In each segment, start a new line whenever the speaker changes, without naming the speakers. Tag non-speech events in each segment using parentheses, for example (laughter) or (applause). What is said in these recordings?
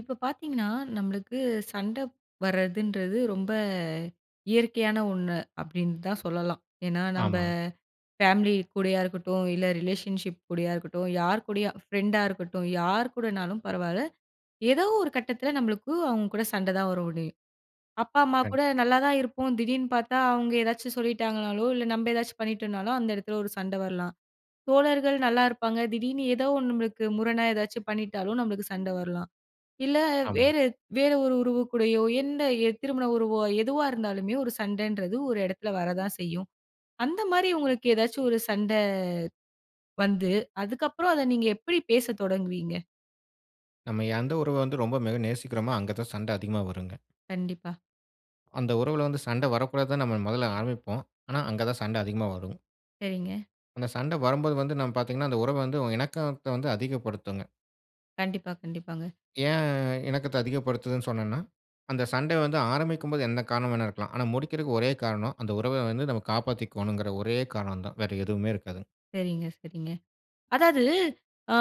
இப்ப பார்த்தீங்கன்னா, நம்மளுக்கு சண்ட வர்றதுன்றது ரொம்ப இயற்கையான ஒண்ணு, அப்டின்னு தான் சொல்லலாம். ஏன்னா நம்ப
ஆமா.
ஃபேமிலி கூடயா இருக்கட்டும், இல்லை ரிலேஷன்ஷிப் கூடயா இருக்கட்டும், யார் கூடயும் ஃப்ரெண்டா இருக்கட்டும், யார் கூடனாலும் பரவால்ல. ஏதோ ஒரு கட்டத்ல, நம்மளுக்கு அவங்க கூட சண்ட தான் வர முடியும். அப்பா, அம்மா
கண்டிப்
கூட நல்லா தான் இருப்போம். திடீர்னு பார்த்தா, அவங்க ஏதாச்சும் சொல்லிட்டாங்கன்னாலோ, இல்ல நம்ம ஏதாச்சும் பண்ணிட்டோம்னாலோ, அந்த எடத்ல ஒரு சண்ட வரலாம். தோழர்கள் நல்லாருப்பாங்க திடீர்னு ஏதோ ஒன்னு நம்மளுக்கு முரணா ஏதாச்சும் பண்ணிட்டாலும், நம்மளுக்கு சண்ட வரலாம், இல்ல
ஆமா.
வேற வேற ஒரு உறவுக்கூடயோ, எந்த திருமண உறவோ எதுவா இருந்தாலுமே, ஒரு சண்டைன்றது ஒரு எடத்ல வர தான் செய்யும். அந்த மாரி உங்களுக்கு ஏதாவது ஒரு சண்டை வந்து, அதுக்கு அப்புறம் அத நீங்க எப்டி பேசத் தொடங்குவீங்க?
நம்ம எந்த உறவ வந்து ரொம்ப மிக நேசிக்கிறோமோ, அங்க தான் சண்டை அதிகமா வருங்க.
கண்டிப்பா.
அந்த உறவுல வந்து சண்டை வரக்கூடாதுன்னு, நம்ம மொதல்ல ஆரம்பிப்போம். ஆனா அங்க தான் சண்ட அதிகமா வரும்.
சரிங்க.
அந்த சண்ட வரும்போது வந்து நம்ம பார்த்தீங்கன்னா, அந்த உறவை வந்து இணக்கத்தை வந்து அதிகப்படுத்துங்க.
கண்டிப்பா, கண்டிப்பாங்க.
ஏன் இணக்கத்த அதிகப்படுத்துதுன்னு சொன்னன்னா, அந்த சண்ட வந்து ஆரம்பிக்கும் போது, என்ன காரணம் வேண்டுமானாலும் இருக்கலாம். ஆனா முடிக்கிறதுக்கு ஒரே காரணம், அந்த உறவை வந்து நாம் காப்பாத்திகோனும்ன்கிற ஒரே காரணம் தான். வேறு எதுவுமே இருக்காதுங்க.
சரிங்க, சரிங்க. அதாவது, அ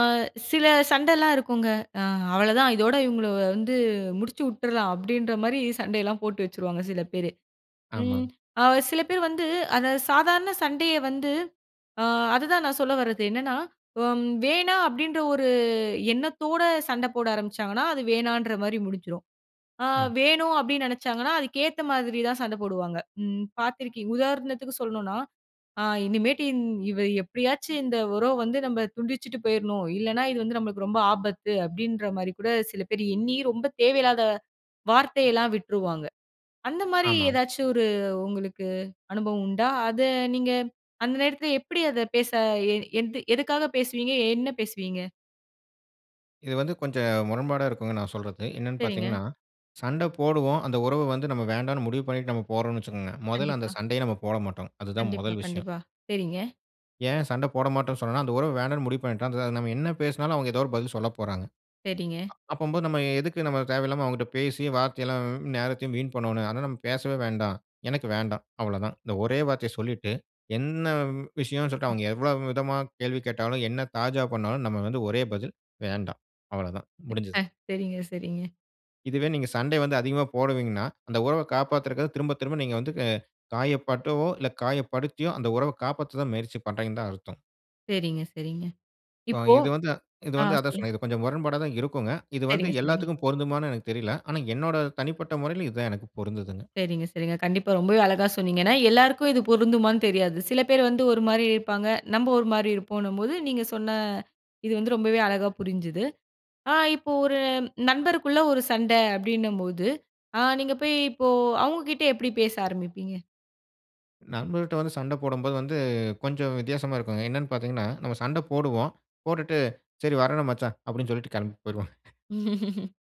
சில சண்டைலாம் இருக்குங்க. அ அவ்ளோதான் இதோடு இவங்கள வந்து முடிச்சு உட்றலாம். அப்படின்ற மாரி சண்டைலாம் போட்டு வச்சுருவாங்க சில பேரு. ம்
ஆமாங்.
அ சில பேர் வந்து அத சாதாரண சண்டைய வந்து அ அதுதான் நான் சொல்ல வரது, என்னன்னா ம் "வேணாம்" அப்படின்ற ஒரு எண்ணத்தோட சண்ட போட ஆரம்பிச்சாங்கன்னா, அது வேணாம்ன்ற மாரி முடிஞ்சிரும். அ
ம்.
"வேணும்" அப்படின்னு நினைச்சாங்கன்னா, அதுக்கேத்த மாரி தான் சண்டை போடுவாங்க. ம் பார்த்துருக்கீங் உதாரணத்துக்கு சொல்லணும்னா, அ "இனிமேட்டு இன் இவ எப்படியாச்சும் இந்த உறவ வந்து நம்ம துண்டிச்சுட்டு போயிறணும். இல்லனா, இது வந்து நம்மளுக்கு ரொம்ப ஆபத்து." அப்படின்ற மாரி கூட சில பேர் எண்ணி ரொம்ப தேவையில்லாத வார்த்தையெல்லாம் விட்ருவாங்க. அந்த மாதிரி
ஆமா.
ஏதாச்சும் ஒரு உங்களுக்கு அனுபவம் உண்டா? அத நீங்க அந்த நேரத்தில எப்படி அத பேச எ எதுக்காக பேசுவீங்க? என்ன பேசுவீங்க?
இது வந்து கொஞ்சம் முரண்பாடா இருக்கும், நான் சொல்றது. என்னன்னு
சரிங்க.
பார்த்தீங்கன்னா, சண்ட போடுவோம். அந்த உறவு வந்து நம்ம வேண்டாம்னு முடிவு பண்ணிட்டு நம்ம போறோம்னு வைச்சுகோங்க, முதல்ல அந்த
கண்டிப்பா.
சண்டையே நம்ம போடமாட்டோங்க. அதுதான்
கண்டிப்பா,
முதல் விஷயம்.
கண்டிப்பா. சரிங்க.
ஏன் சண்ட போடமாட்டோம் சொன்னான்னா, அந்த உறவு வேண்டாம்னு முடிவு பண்ணிட்டோம். அத (unintelligible) நம்ம என்ன பேசினாலும், அவங்க ஏதோ ஒரு பதில் சொல்லப் போறாங்க.
சரிங்க.
அப்பம்போ, நம்ம எதுக்கு நம்ம தேவையில்லாம அவங்ககிட்ட பேசி வார்த்தை எல்லாம் நேரத்தையும் வீண் பண்ணோனும்? அதனால நம்ம பேசவே வேண்டாம். "எனக்கு வேண்டாம்." அவ்ளோ தான். இந்த ஒரே வார்த்தைய சொல்லிட்டு, என்ன விஷயம்ன்னு சொல்லிட்டு அவங்க எவ்ளோ விதமா கேள்வி கேட்டாலும், என்ன தாஜா பண்ணாலும் நம்ம வந்து ஒரே பதில், "வேண்டாம்." அவ்வளவு தான் முடிஞ்சுது.
(unintelligible) சரிங்க, சரிங்க.
இதுவே நீங்க சண்டை வந்து அதிகமா போடுவீங்கன்னா, உறவ காப்பாத்துறதுக்கு திரும்ப திரும்ப நீங்க வந்து வெ காயப்பட்டவோ இல்ல காயப்படுத்தியோ, அந்த உறவை காப்பாத்த முயற்சி பண்றீங்கன்னு தான் அர்த்தம்.
சரிங்க, சரிங்க,
ப
இப்போ
இது வந்து இது
ஆ
வந்து அதுதான்
சொல்லுங்க.
சொன்னேன். இது கொஞ்சம் முரண்பாடா தான் இருக்குங்க. இது வந்து
சரிங்க, சரிங்க.
எல்லாத்துக்கும் பொருந்துமான்னு எனக்கு தெரில. ஆனா என்னோட தனிப்பட்ட முறையில, இது தான் எனக்கு பொருந்துதுங்க.
சரிங்க, சரிங்க. கண்டிப்பா ரொம்பவே அழகா சொன்னீங்க. ஏன்னா, எல்லாருக்கும் இது பொருந்துமான்னு தெரியாது. சில பேர் வந்து ஒரு மாரி இருப்பாங்க, நம்ம ஒரு மாரி இருப்போன்னும்போது, நீங்க சொன்ன இது வந்து ரொம்பவே அழகா புரிஞ்சுது. அ இப்போ ஒரு நண்பருக்குள்ளே ஒரு சண்டை அப்படின்னும்போது, அ நீங்க போய் இப்போ அவங்க கிட்ட எப்படி பேச ஆரம்பிப்பீங்க?
நண்பர்ட்ட வந்து சண்ட போடம்போது வந்து, கொஞ்சம் வித்தியாசமா இருக்குங்க. என்னன்னு பார்த்தீங்கன்னா, நம்ம சண்டை போடுவோம். போட்டுட்டு "சரி வரேன் மச்சான்" அப்டின்னு சொல்லிட்டு கிளம்பி போய்டுவோம். (chuckles)
(laughs)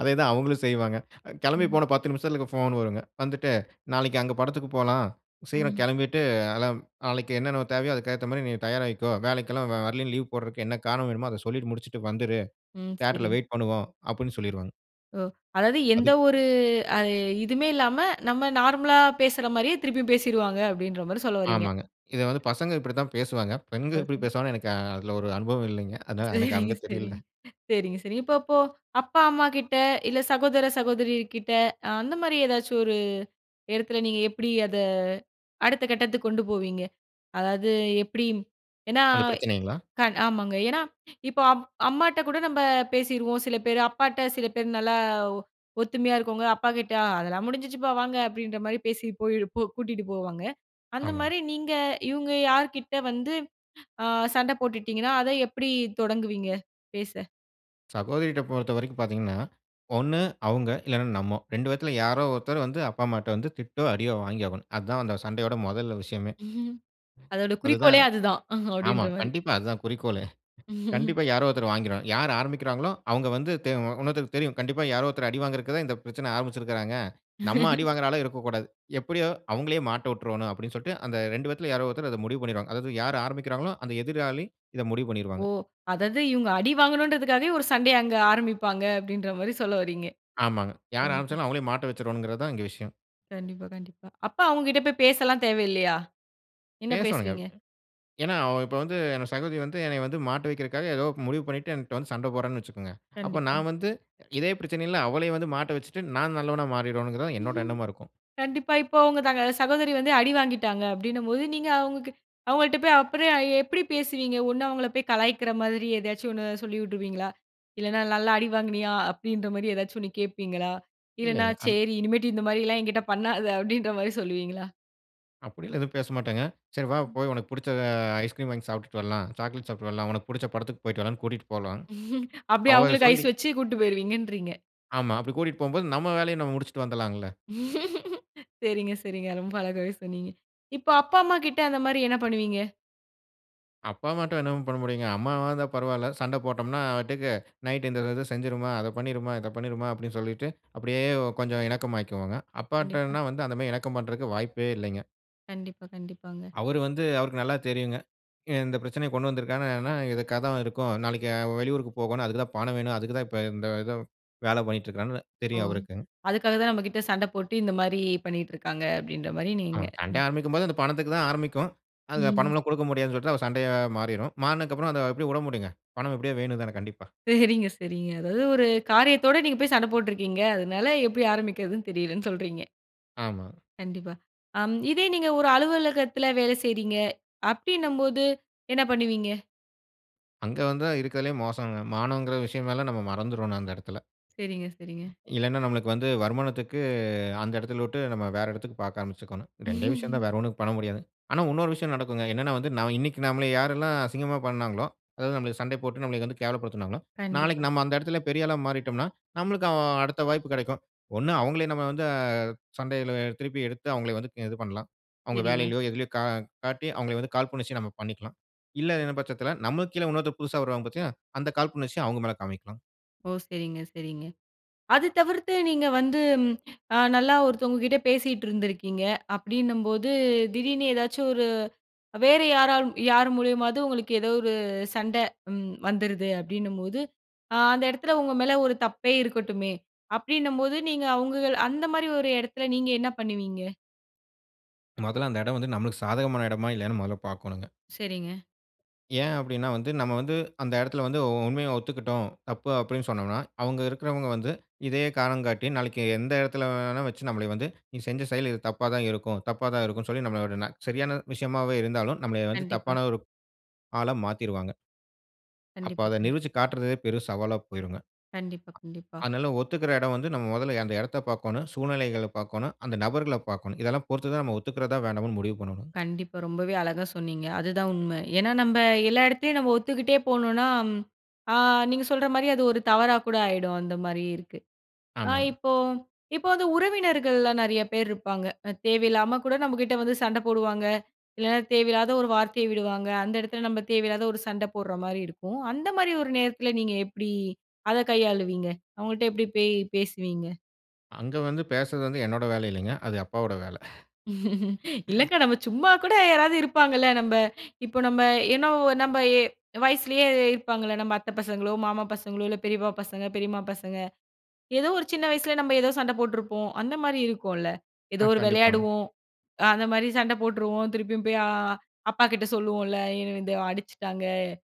அதே தான் அவங்களும் செய்வாங்க. கெளம்பி
ம்.
போன 10 நிமிசத்தில போன் வருங்க. வந்துட்டு "நாளைக்கு அங்க படத்துக்கு போலாம். சீக்கிரம்
ம்.
கெளம்பிட்டு அலம் நாளைக்கு என்னென்ன தேவையோ, அதுக்கு ஏத்த மாரி நீ தயாராயிக்கோ, எல்லாம் வ வரலைன்னு, லீவ் போடுறதுக்கு என்ன காரணம் வேணுமோ அத சொல்லிட்டு முடிச்சுட்டு வந்துரு.
ம் சரி.
தியேட்டர்ல வெயிட் பண்ணுவோம்" அப்டின்னு சொல்லிருவாங்க.
ஓ! அதாவது
அது
எந்த ஒரு அ இதுவுமே இல்லாம, நம்ம நார்மலா பேசுற மாரியே திருப்பியும் பேசிருவாங்க அப்டின்ற மாதிரி சொல்ல வர்றீங்க?
ஆமாங்க. இத வந்து பசங்க இப்டி தான் பேசுவாங்க. பெண்கள் எப்டி
ஓகே.
பேசுவாங்கன்னு எனக்கு அதில ஒரு அனுபவம் இல்லங்க. அதனால எனக்கு
சரிங்க
அங்கே தெரியல.
சரிங்க. சரிங்க சரிங்க. இப்போ இப்போ அப்பா அம்மாகிட்ட, இல்ல சகோதர சகோதரி கிட்ட, அ அந்த மாரி ஏதாச்சும் ஒரு, இடத்தில நீங்க எப்டி அத அடுத்த கட்டத்துக்கு கொண்டு போவீங்க? அதாவது, எப்டி ஏன்னா,
அந்த பிரச்சனைங்களா?
கண் ஆமாங்க ஏன்னா, இப்போ அம் அம்மாட்ட கூட நம்ம பேசிருவோம். சில பேர் அப்பாட்ட சில பேர் நல்லா ஒ ஒத்துமையா இருக்கவங்க அப்பாகிட்ட "அதெல்லாம் முடிஞ்சுச்சுப்பா வாங்க"அப்டின்ற மாதிரி பேசி போய் -போ கூட்டீட்டு போவாங்க. அந்த
ஆமாங்க.
மாரி நீங்க இவங்க யார்க்கிட்ட வந்து அ சண்டை போட்டுட்டீங்கன்னா, அத எப்படி தொடங்குவீங்க? பேச.
சகோதரிட்ட பொறுத்தவரைக்கும் பார்த்தீங்கன்னா, 1 அவுங்க இல்லன்னா நம்மோ. 2 பேத்துல யாரோ ஒருத்தர் வந்து அப்பா, அம்மாட்ட வந்து திட்டோ! அடியோ! வாங்கியாகணும். அதான் அந்த சண்டையோட முதல் விஷயமே.
(chuckles) .அதோட குறிக்கோளே
அதுதான்.
அது தான்.
ஆமா.
அப்பிடின்றமாரி.
கண்டிப்பா, அது தான் குறிக்கோளே!
(chuckles)
கண்டிப்பா யாரோ ஒருத்தர் வாங்கிருவாங்க. யாரு ஆரம்பிக்கிறாங்களோ! அவுங்க வந்து தெ அ இன்னொருத்தருக்கு தெரியும். கண்டிப்பா யாரோ ஒருத்தர் அடி வாங்குறதுக்கு தான் இந்த பிரச்சன ஆரம்பிச்சிருக்குறாங்க. நம்ம
(laughs)
அடிவாங்குற ஆளா இருக்கக்கூடாது. எப்பிடியோ அவுங்களே மாட்ட விட்ரோன்னு அப்பிடின்னு சொல்ட்டு அந்த 2 யாரோ ஒருத்தரு அத முடிவு பண்ணிருவாங்க. அதாவது யாரு ஆரம்பிக்கிறாங்களோ! அந்த எதிராளி இத முடிவு
ஓ!
பண்ணிருவாங்க.
அதாவது இவுங்க அடி வாங்கணுன்றதுக்காகவே ஒரு சண்டைய அங்க ஆரம்பிப்பாங்க, அப்பிடின்றமாரி சொல்ல வரீங்க?
ஆமாங்க. யார்
கண்டிப்பா.
ஆரம்பிச்சாலும் அவுங்களே மாட்ட வச்சிருவாங்கிறதுதான் இங்க விஷயம்.
கண்டிப்பா, கண்டிப்பா. அப்ப அவுங்கக்கிட்ட போய் பேசலாம் தேவையில்லயா? என்ன
பேசோணுங்க.
பேசுவீங்க?
ஏன்னா, அவ இப்ப வந்து என் சகோதரி வந்து என்னைய வந்து மாட்ட வைக்கிறக்காக ஏதோ முடிவு பண்ணிட்டு என்ட்ட வந்து சண்ட போட்றான்னு வச்சிக்கங்க, அப்ப
கண்டிப்பா.
நான் வந்து இதே பிரச்சனையில அவளே வந்து மாட்ட வச்சுட்டு, நான் நல்லவனா மாறிரணுங்கிறதுதான் என்னோட
(chuckles)
எண்ணமா இருக்கும்.
கண்டிப்பா. இப்போ அவுங்க தங்க சகோதரி வந்து அடி வாங்கிட்டாங்க அப்பிடின்னும்போது, நீங்க அவுங்கக்கிட்ட, அவுங்கள்ட்ட போய் அப்புறம் எப்பிடி பேசுவீங்க? ஒன்னு அவுங்களப் போய் கலாய்க்கிற மாதிரி ஏதாச்சும் ஒண்ணு சொல்லி விட்ருவீங்களா? இல்லன்னா நல்லா அடி வாங்கினியா! அப்பிடின்ற மாரி ஏதாச்சும் ஒண்ணு கேட்பீங்களா? இல்லன்னா
இல்லேங்க. அந்
சரி இனிமேட்டு இந்தமாரிலாம் என்கிட்ட பண்ணாத! அப்பிடின்றமாரி சொல்லுவீங்களா?
அப்படியெல்லாம், எதுவும் பேசமாட்டேங்க. சரி வா,
ம்.
போய் உனக்கு புடுச்ச ஐஸ்கிரீம் வாங்கி சாப்பிட்டுட்டு வரலாம். சாக்லேட் சாப்பிட்டுட்டு வரலாம். உனக்கு புடுச்ச படத்துக்கு போய்ட்டு வரலானு கூட்டிட்டு போலாம்.
(chuckles) அப்படி,
அவ
அவுங்களுக்கு
சொல்லி
ஐஸ் வச்சு, கூட்டு போயிடுவேன்றீங்க.
ஆமா. அப்படி கூடிட்போம்போது, நம்ம வேலய, நம்ம முடுச்சுட்டு வந்துடாளங்கள!
(laughs) சரிங்க, சரிங்க. ரொம்ப அழகாவே சொன்னீங்க. இப்ப, அப்பா அம்மா கிட்ட அந்த மாரி, என்ன பண்ணுவீங்க?
அப்பா, அம்மாட்ட என்னமும் பண்ண முடியுங்க. அம்மாவாக இருந்தா பரவாயில்ல. சண்டை போட்டோம்னா, நா பாட்டுக்கு நைட் இந்த இது செஞ்சுடுமா, அத பண்ணிடுமா, இத பண்ணிடுமா அப்படினு சொல்லிட்டு, அப்படியே கொஞ்சம இணக்கமாயிக்குவாங்க.
கண்டிப்பா.
அப்பாட்டனா, வந்து அந்த மேரி இணக்கம் பண்றதுக்கு வாய்ப்பே இல்லங்க.
கண்டிப்பா. கண்டிப்பாங்க.
அவர் வந்து, அவருக்கு நல்லா தெரியுங்க. இந்த பிரச்சனையை கொண்டு வந்துருக்காங்க. என்னனா, இதுக்காதா இருக்கும். நாளைக்கு வெளியூருக்கு போகணும். அதுக்கு தான், பணம் வேணும். அதுக்கு தான் இப்ப இந்த இத வேல பண்ணிட்டு இருக்குறானு,
ஓ!
தெரியும் அவருக்கு.
அதுக்காகதான் நம்மகிட்ட சண்ட போட்டு, இந்த மாரி பண்ணிக்கிட்டு இருக்காங்க. அப்டின்ற மாரி
அ,
நீங்க.
சண்டை ஆரம்பிக்கும்போது, அந்த பணத்துக்கு தான் ஆரம்பிக்கும். அங்க,
ம்.
பணம்லாம் கொடுக்க முடியாதுனு சொல்லிட்டுதா, ஒரு சண்டையா மாறிரும். மாறுனதுக்கப்றம், அத, எப்படி விட முடியுங்க. பணம் எப்படியோ வேணு தானே, கண்டிப்பா.
சரிங்க, சரிங்க. அதாவது ஒரு காரியத்தோட, நீங்க போய் சண்ட போட்டுருக்கீங்க. அதனால எப்படி ஆரம்பிக்கிறதுன்னு தெரியலன்னு சொல்றீங்க.
ஆமா.
கண்டிப்பா. ஆம் இதே நீங்க ஒரு அலுவலகத்தில வேல செய்றீங்க? அப்படின்னம்போது, என்ன பண்ணுவீங்க?
அங்க வந்தா இருக்கிறதுலே மோசங்க. மானங்கிற விஷயமெல்லாம் நம்ம மறந்துறோன்னு அந்த இடத்தில.
சரிங்க, சரிங்க.
ம். இல்லன்னா, நம்மளுக்கு வந்து வருமானத்துக்கு அந்த இடத்தில விட்டு நம்ம வேற இடத்துக்கு பார்க்க ஆரம்பிச்சிக்கோணும். 2ஏ விஷயந்தான்
(laughs)
வேற ஒன்னும் பண்ண முடியாதுங்க. ஆனா, இன்னொரு விஷயம் நடக்குங்க. என்னன்னா வந்து நான் இன்னைக்கு நம்மள யாரெல்லாம் அசிங்கமா பண்ணாங்களோ, அதாவது நம்மளை சண்டை போட்டு, நம்மளை வந்து கேவலப்படுத்தினாங்களோ, நாளைக்கு
கண்டிப்பா.
நம்ம அந்த இடத்தில பெரிய ஆளா மாறிட்டம்ன்னா, நம்மளுக்கு அ அடுத்த வாய்ப்பு கிடைக்கும். ஒண்ணு அவுங்களே நம்ம வந்து சண்டையில திருப்பி எடுத்து அவுங்களை வந்து க இது பண்லாம். அவுங்க
சரிங்க.
வேலையிலோ, எதிலயோ கா காட்டி அவுங்கள வந்து காழ்புணர்ச்சிய நம்ம பண்ணிக்கலாம். இல்லங்கிற பட்சத்தில நம்மளுக்கு கீழ இன்னொருத்தன் புதுசா வருவாங்க பாத்தியா! அந்த காழ்புணர்ச்சிய அவுங்க மேல் காமிக்கலாம்.
ஓ! சரிங்க, சரிங்க. அது தவிர்த்து நீங்க வந்து ஆ நல்லா ஒருத்தவங்கக்கிட்ட பேசிட்டு இருந்துருக்கீங்க. அப்படின்னும்போது, திடீர்னு ஏதாச்சும் ஒரு வேற யாராலும், யார் மூலியமாவது உங்களுக்கு ஏதோ ஒரு சண்டை ம் வந்துருது. அப்படின்னும்போது, ஆ அந்த இடத்தில உங்க மேல ஒரு தப்பே இருக்கட்டுமே, அப்படின்னும்போது நீங்க அவுங்கள அந்தமாரி ஒரு இடத்தில நீங்க என்ன பண்ணுவீங்க?
முதல்ல அந்த இடம் வந்து நம்மளுக்கு சாதகமான இடமா? இல்லையான்னு முதல்ல பார்க்கணுங்க.
சரிங்க.
ஏன் அப்படீன்னா வந்து, நம்ம வந்து அந்த இடத்தில வந்து உ உண்மைய ஒத்துக்கிட்டோம். தப்பு அப்படீன்னு சொன்னம்னா, அவுங்க இருக்கிறவங்க வந்து இதையே காரணம் காட்டி, நாளைக்கு எந்த இடத்தில வேணா வச்சு நம்மள வந்து, நீ செஞ்ச செயல் இது தப்பா தான் இருக்கும். தப்பா தான் இருக்கும்ன்னு சொல்லி நம்மள (unintelligible) சரியான விஷயமாவே இருந்தாலும், நம்மளை வந்து
கண்டிப்பா.
தப்பான ஒரு ஆளா மாத்திருவாங்க. அப்ப
கண்டிப்பா,
அத
கண்
நிரூபுச்சு காட்டுறதே பெரும் சவாலா போயிருங்க.
கண்டிப்பா, கண்டிப்பா.
அதனால ஒத்துக்கிற இடம் வந்து, நம்ம முதல்ல அந்த இடத்த பார்க்கணும். சூழ்நிலைகள பார்க்கணும். அந்த நபர்கள பார்க்கணும். இதெல்லாம் பொறுத்து தான் நம்ம ஒத்துக்கிறதா? வேணாமான்னு முடிவு பண்ணணுங்க.
கண்டிப்பா. ரொம்பவே அழகா சொன்னீங்க. அதுதான் உண்ம. ஏன்னா நம்ப எல்லா இடத்துலயும் நம்ம ஒத்துக்கிட்டே போணுன்னா, ஆ நீங்க சொல்ற மாரி அது ஒரு தவறா கூட ஆயிடும். அந்தமாரி இருக்கு. ஆ
ஆமாங்க.
இப்போ இப்போ வந்து உறவினர்கள்லாம் நெறைய பேர் இருப்பாங்க. அ தேவையில்லாம கூட நம்மகிட்ட வந்து சண்ட போடுவாங்க. இல்லன்னா தேவையில்லாத ஒரு வார்த்தைய விடுவாங்க. அந்த இடத்தில நம்ம தேவையில்லாத ஒரு சண்ட போட்ற மாரி இருக்கும். அந்த மாரி ஒரு நேரத்தில நீங்க எப்படி அத கையாளுவீங்க? அவுங்கள்ட்ட எப்பிடி பே பேசுவீங்க?
அங்க வந்து பேசுறது வந்து என்னோட வேலை இல்லீங்க. அது அப்பாவோட வேலை.
(laughs) இல்லக்கா.
(chuckles)
நம்ம சும்மா கூட யாராவது இருப்பாங்கள்ல. நம்ப இப்ப நம்ம ஏனோ, நம்ம எ வயசுலயே இருப்பாங்கள்ல. நம்ம அத்தை பசங்களோ, மாமா பசங்களோ இல்ல பெரியப்பா பசங்க, பெரியம்மா பசங்க. ஏதோ ஒரு சின்ன வயசுல நம்ம ஏதோ சண்ட போட்ருப்போம். அந்த மாரி இருக்கும்ல. ஏதோ
ஆ.
ஒரு
கண்டிப்பாங்க.
விளையாடுவோம். அ அந்தமாரி சண்ட போட்டுருவோம், திருப்பியும் போய் அ அப்பா கிட்ட சொல்லுவோம்ல. "என்னை வந்து அடிச்சுட்டாங்க,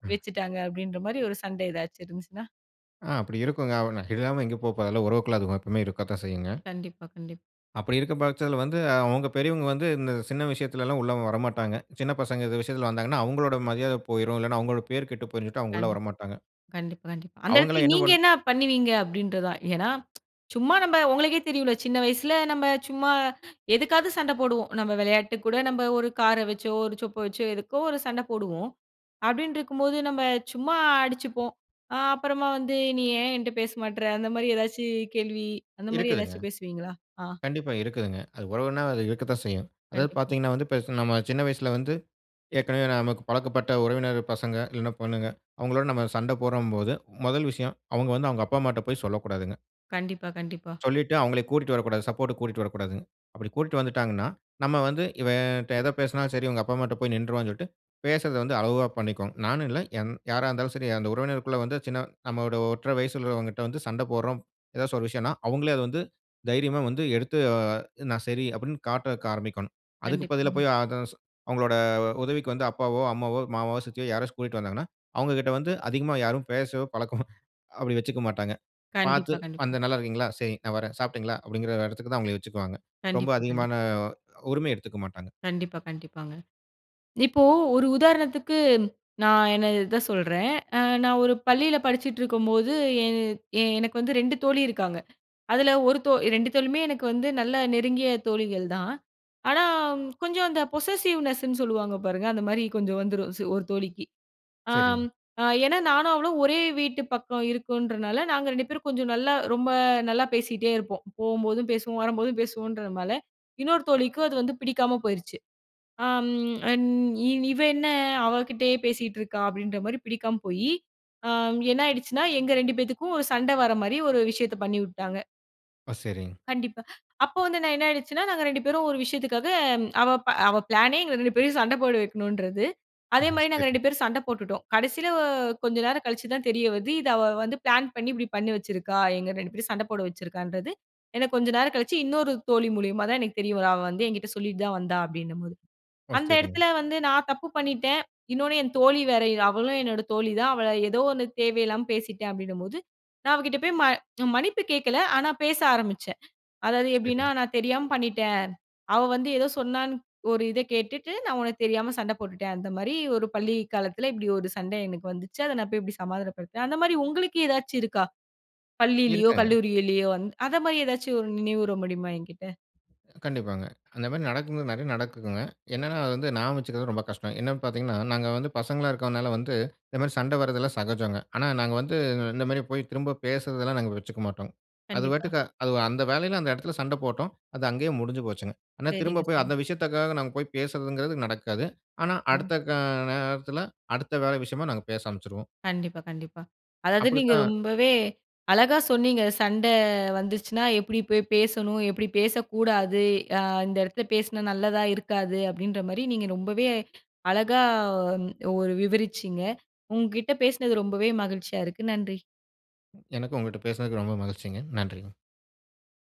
ம்.
வச்சுட்டாங்க." அப்படின்ற மாரி ஒரு சண்ட எதாச்சும் இருந்துச்சுனா
ஆ. அப்படி இருக்குங்க. (unintelligible) இல்லாம எங்க போபோது. அதெல்லாம் உறவுக்குள்ள அது (unintelligible) இருக்கத்தான் செய்யுங்க.
கண்டிப்பா. கண்டிப்
அப்படி இருக்க பட்சத்துல வந்து, அவங்க பெரியவங்க வந்து இந்த சின்ன விஷயத்துல எல்லாம் உள்ள வரமாட்டாங்க. சின்ன பசங்க இந்த விஷயத்துல வந்தாங்கன்னா, அவங்களோட மரியாதை போய்ரும், இல்லனா அவங்களோட பேரு கெட்டு போய்ரும், சொல்ட்டு அவங்க உள்ள
கண்டிப்
வரமாட்டாங்க.
கண்டிப்பா, கண்டிப்பா. அந்த
அவங்களா
இடத்துல
என்ன
நீங்க
பண்
என்ன பண்ணுவீங்க? அப்படின்றது தான். ஏனா, (tsk) சும்மா நம்ம உங்களுக்கே தெரியும்ல, சின்ன வயசுல நம்ம சும்மா எதுக்காவது சண்ட போடுவோம். நம்ம விளையாட்டுக்கு கூட நம்ப ஒரு கார வச்சோ, ஒரு சொப்ப வச்சோ எதுக்கோ ஒரு சண்ட போடுவோம். அப்படின்னு இருக்கும்போது நம்ம சும்மா அடிச்சுப்போம். அ அப்புறமா வந்து, "நீ ஏன் என்ட்ட பேச மாட்ற?" அந்த மாரி எதாச்சும் கேள்வி அந்த மாரி
இருக்குதுங்க.
எதாச்சும் பேசுவீங்களா? ஆ.
கண்டிப்பா இருக்குதுங்க. அது உறவுனா அது இருக்கத்தான் செய்யும். அதாவது
கண்டிப்பா.
பார்த்தீங்கன்னா வந்து பெருச நம்ம சின்ன வயசுல வந்து, ஏற்கனவே நமக்கு பழக்கப்பட்ட உறவினர் பசங்க, இல்லனா பொண்ணுங்க அவங்களோட நம்ம சண்ட போட்றோம்போது, முதல் விஷயம் அவங்க வந்து அவங்க அப்பா, அம்மாட்ட போய் சொல்லக்கூடாதுங்க.
கண்டிப்பா, கண்டிப்பா.
சொல்லிட்டு அவங்களை கூட்டிட்டு வரக்கூடாது, சப்போர்ட்க்கு கூட்டிட்டு வரக்கூடாதுங்க. அப்டி கூட்டிட்டு வந்துட்டாங்கனா, நம்ம வந்து இவன்கிட்ட எத பேசினாலும் சரி இவங்க அப்பா அம்மாட்ட போய் நின்றுவானு சொல்லிட்டு, பேசுவத வந்து அளவாக பண்ணிக்கணும். நானும் இல்ல எந் யாரா இருந்தாலும் சரி. அந்த உறவினருக்குள்ள வந்து சின்ன நம்முடைய ஒற்றரை வயது உள்ளவர்களிடம் வந்து சண்டை போட்றோம் எதாவது ஒரு விஷயம்ன்னா அவுங்களே அத வந்து தைரியமா வந்து எடுத்து அ நான் சரி. அப்டின்னு காட்ட ஆரம்பிக்கணும் அதுக்கு பதிலா
கண்டிப்பா.
போய் அதர்ஸ் அவங்களோட உதவிக்கு வந்து அப்பாவோ, அம்மாவோ, மாமாவோ, சித்தியோ யாராச்சு கூட்டிட்டு வந்தாங்கன்னா, அவங்க கிட்ட வந்து அதிகமா யாரும் பேசவோ பழக்கமோ அப்டி வச்சுக்க மாட்டாங்க. பார்த்து
கண்டிப்பா, கண்டிப்பா.
வந்த நல்ல இருக்கீங்களா? சரி நான் வரேன். சாப்பிட்டீங்களா? அப்டிங்கிற இடத்துக்கு தான் அவங்கள வச்சுக்குவாங்க. ரொம்ப
கண்டிப்பா, கண்டிப்பா.
அதிகமான உரிமை எடுத்துக்க மாட்டாங்க.
கண்டிப்பா, கண்டிப்பாங்க. இப்போ, ஒரு உதாரணத்துக்கு, நான் என்ன இத சொல்றேன். அ நான் ஒரு பள்ளியில படிச்சுட்டு இருக்கும்போது எ எனக்கு வந்து 2 தோழி இருக்காங்க. அதில, 1 தோ 2 தோழியுமே எனக்கு வந்து நல்ல நெருங்கிய தோழிகள் தான். ஆனா, கொஞ்சம் அந்த பொசசிவ்னெஸ்ன்னு சொல்லுவாங்க பாருங்க. அந்த மாரி கொஞ்சம் வந்துரும் ஒரு தோழிக்கு. ஆம்,
செரிங்.
அ ஏனா நானும் அவளும் ஒரே வீட்டு பக்கம் இருக்குன்றதுனால, நாங்க 2 பேரும் கொஞ்சம் நல்லா ரொம்ப நல்லா பேசிகிட்டே இருப்போம். போகும்போதும் பேசுவோம், வரும்போதும் பேசுவோம்ன்றதுனால இன்னொரு தோழிக்கும் அது வந்து பிடிக்காம போயிருச்சு. ஆம் அண் இவ என்ன அவக்கிட்டயே பேசிட்டிருக்கா? அப்டின்ற மாரி பிடிக்காம போயி அ என்னாயிடுச்சுன்னா, எங்க 2 பேத்துக்கும் ஒரு சண்ட வர மாரி ஒரு விஷயத்தை பண்ணி விட்டாங்க.
ஆ! சரிங்.
கண்டிப்பா, அப்ப வந்து நான் என்ன ஆயிடுச்சுன்னா, நாங்க 2 பேரும் ஒரு விஷயத்துக்காக அவ ப அவ ப்ளானே எங்க 2 பேரையும் சண்ட போட வைக்கணுன்றது.
அ
அதே மாரி நாங்க
சரி.
2 பேரும் சண்ட போட்டுட்டோம். கடைசில வ கொஞ்சம் நேரம் கழிச்சு தான் தெரிய வருது, இத அவ வந்து ப்ளான் பண்ணி இப்டி பண்ணி வச்சிருக்கா, எங்க 2 பேரும் சண்ட போட வச்சுருக்கான்றது, ஏனா கொஞ்சம் நேரம் கழிச்சு இன்னொரு தோழி மூலியமா தான் எனக்கு தெரிய வரு, அவ வந்து என்கிட்ட சொல்லிட்டு தான் வந்தா, அப்டின்னும்போது
ஓ!
அந்த
சரிங்.
எடத்துல வந்து நான் தப்பு பண்ணிட்டேன். இன்னொன்னு என் தோழி வேற, அவளும் என்னோட தோழி தான் அவ ஏதோ 1 தேவ இல்லாம பேசிட்டேன், அப்டின்னும்போது, நான் அவ கிட்ட போயி ம மன்னிப்பு கேட்கல, ஆனா பேச ஆரம்பிச்சேன். அதாவது எப்டின்னா
சரிங்.
நான் தெரியாம பண்ணிட்டேன். அவ வந்து ஏதோ சொன்னானு, ஒரு இத கேட்டுட்டு நான் உனக்கு தெரியாம சண்ட போட்டுடேன் அந்த மாரி, ஒரு பள்ளி காலத்துல இப்டி ஒரு சண்ட எனக்கு வந்துச்சு, அத நான் போயி இப்டி சமாதானப்படுத்துவேன், அந்தமாரி உங்களுக்கு ஏதாச்சும் இருக்கா? பள்ளியிலையோ,
இருக்காங்க.
கல்லூரியிலயோ வந் அந்த மாரி எதாச்சும் ஒரு நினைவூர முடியுமா என்கிட்ட?
கண்டிப்பாங்க, அந்த மாரி நடக்கும் நெறைய நடக்குதுங்க. என்னனா அது வந்து நியாபக வச்சுக்குறது ரொம்ப கஷ்டம். என்னன்னு பாத்தீங்கனா, நாங்க வந்து பசங்களா இருக்குறதனால வந்து, இந்த மாரி சண்ட வரதெல்லாம் சகஜம்ங்க. ஆனா நாங்க வந்து, இந்த மாரி போயி திரும்ப பேசுறதெல்லாம் நாங்க வச்சுக்க மாட்டோம். அது
கண்டிப்பா.
பாட்டுக்கா அது அந்த வேலையில அந்த எடத்துல சண்ட போட்டோம். அது அங்கேயே முடிஞ்சு போச்சுங்க. ஆனா
சரிங்க,
திரும்ப போயி
சரிங்க.
அந்த விஷயத்துக்காக நாங்க போயி பேசுதுங்றது நடக்காது. ஆனா
அ.
அடுத்த, கா நேரத்துல அடுத்த வேற விஷயமா நாங்க பேச ஆரம்பிச்சுருவோம்.
கண்டிப்பா, கண்டிப்பா. அதாவது நீங்க
அப்டித்தான்
ரொம்பவே அழகா சொன்னீங்க, சண்ட வந்துச்சுன்னா எப்டி போயி பேசணும்? எப்டி பேசக்கூடாது? அ இந்த இடத்துல பேசுனா நல்லதா இருக்காது. அப்டின்ற மாரி நீங்க ரொம்பவே அழகா ஒ ஒரு விவரிச்சீங்க. உங்க கிட்ட பேசுனது ரொம்பவே மகிழ்ச்சியா இருக்கு. நன்றி.
எனக்கும், உங்ககிட்ட பேசுனதுக்கு ரொம்ப மகிழ்ச்சிங்க. நன்றிங்க.